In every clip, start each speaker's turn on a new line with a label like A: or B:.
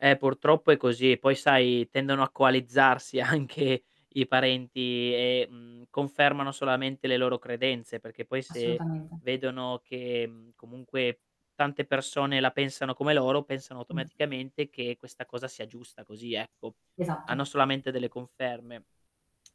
A: Eh, purtroppo è così, e poi, sai, tendono a coalizzarsi anche i parenti e, mhmm, confermano solamente le loro credenze, perché poi se
B: Assolutamente.
A: vedono che, mhmm, comunque tante persone la pensano come loro, pensano
B: Mh.
A: automaticamente che questa cosa sia giusta così, ecco, hanno
B: Esatto.
A: solamente delle conferme.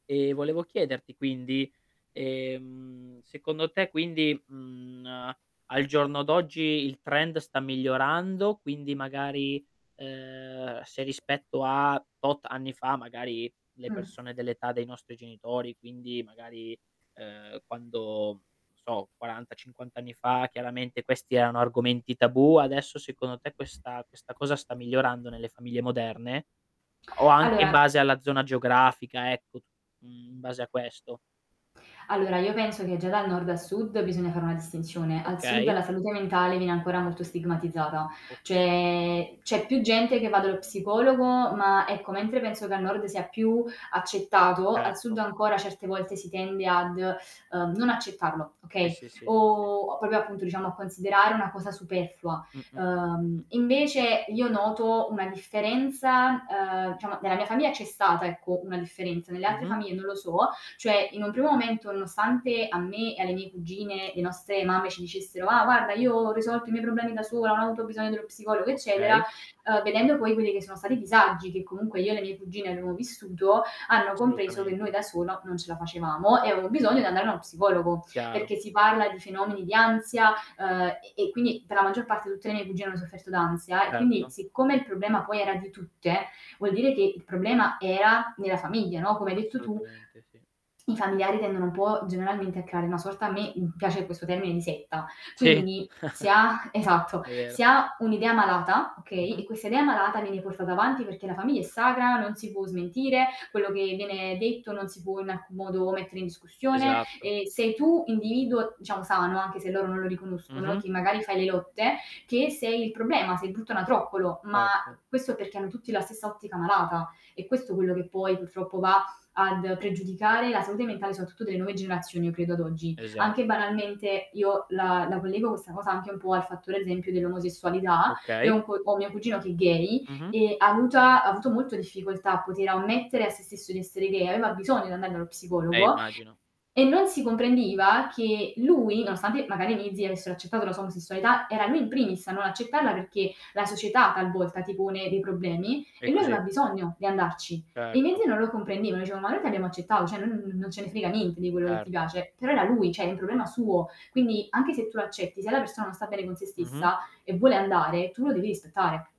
A: Ehm, volevo chiederti quindi, ehm, secondo te quindi, mhmm, n ehm, al giorno d'oggi il trend sta migliorando, quindi magari, ehm, se rispetto a tot anni fa, magari, le
B: Mh.
A: persone dell'età dei nostri genitori, quindi magari, ehm, quando non so, 40, 50 anni fa chiaramente questi erano argomenti tabù, adesso secondo te questa questa cosa sta migliorando nelle famiglie moderne? O anche in
B: Allora
A: base alla zona geografica, ecco, tu mhmm, in base a questo.
B: Allora, io penso che già dal nord a sud bisogna fare una distinzione. Al sud,
A: Okay.
B: la salute mentale viene ancora molto stigmatizzata,
A: Okay.
B: cioè c'è più gente che va dallo psicologo, ma ecco, mentre penso che al nord sia più accettato, al
A: Certo.
B: sud ancora certe volte si tende ad, uhm, non accettarlo,
A: Sì,
B: okay,
A: sì, sì. Sì,
B: o
A: sì.
B: o proprio, appunto, diciamo a considerare una cosa superflua.
A: Mh, mh, mh, mh, mh.
B: Uhm, invece io noto una differenza ehm, diciamo nella mia famiglia c'è stata, ecco, una differenza, nelle altre
A: Mh-mh.
B: famiglie non lo so, cioè in un primo momento nonostante a me e alle mie cugine, le nostre mamme ci dicessero: "Ah, guarda io ho risolto i miei problemi da sola, non ho avuto bisogno dello psicologo eccetera."
A: Okay.
B: Uhm, vedendo poi quelli che sono stati i disagi che comunque io e le mie cugine abbiamo vissuto, hanno compreso che noi
A: Assolutamente.
B: da sola non ce la facevamo e avevano bisogno di andare a uno psicologo.
A: Chiaro.
B: Perché si parla di fenomeni di ansia, ehm, e e quindi per la maggior parte tutte le mie cugine hanno sofferto d'ansia, e quindi
A: Certo.
B: siccome il problema poi era di tutte, vuol dire che il problema era nella famiglia, no, come hai detto tu,
A: Assolutamente, sì.
B: i familiari tendono un po' generalmente a creare una sorta a me, mhmm, piace questo termine di "setta".
A: Sì,
B: Quindi si ha esatto,
A: è
B: si
A: vero.
B: ha un'idea malata, okay,
A: Mh-mh.
B: e questa idea malata viene portata avanti perché la famiglia è sacra, non si può smentire, quello che viene detto non si può in alcun modo mettere in discussione,
A: Esatto.
B: e sei tu individuo, diciamo sano anche se loro non lo riconoscono e
A: Mh-mh.
B: che magari fai le lotte, che sei il problema, sei il brutto anatroccolo, ma
A: Certo.
B: questo perché hanno tutti la stessa ottica malata. È questo quello che poi purtroppo va ad pregiudicare la salute mentale soprattutto delle nuove generazioni, io credo ad oggi. Anche
A: Esatto.
B: banalmente io la la collego questa cosa anche un po' al fattore, ad esempio, dell'omosessualità. Io ho
A: Okay.
B: un co ho mio cugino che è gay,
A: Mh-mh.
B: ehm, avuta ha avuto molto difficoltà a poter ammettere a sé stesso di essere gay, aveva bisogno di andare dallo
A: Eh,
B: psicologo
A: immagino.
B: e non si comprendeva che lui nonostante magari i miei zii avessero accettato la sua omosessualità, era lui in primis a non accettarla perché la società talvolta ti pone dei problemi,
A: È
B: e lui
A: così.
B: aveva bisogno di andarci. I miei
A: Certo.
B: zii non lo comprendevano, dicevo: "Ma noi ti abbiamo accettato, cioè non non ce ne frega niente di quello che ti
A: Certo
B: piace." Però era lui, cioè è un problema suo. Quindi anche se tu accetti, se la persona non sta bene con sé
A: Mh-mh.
B: stessa e vuole andare, tu lo devi rispettare.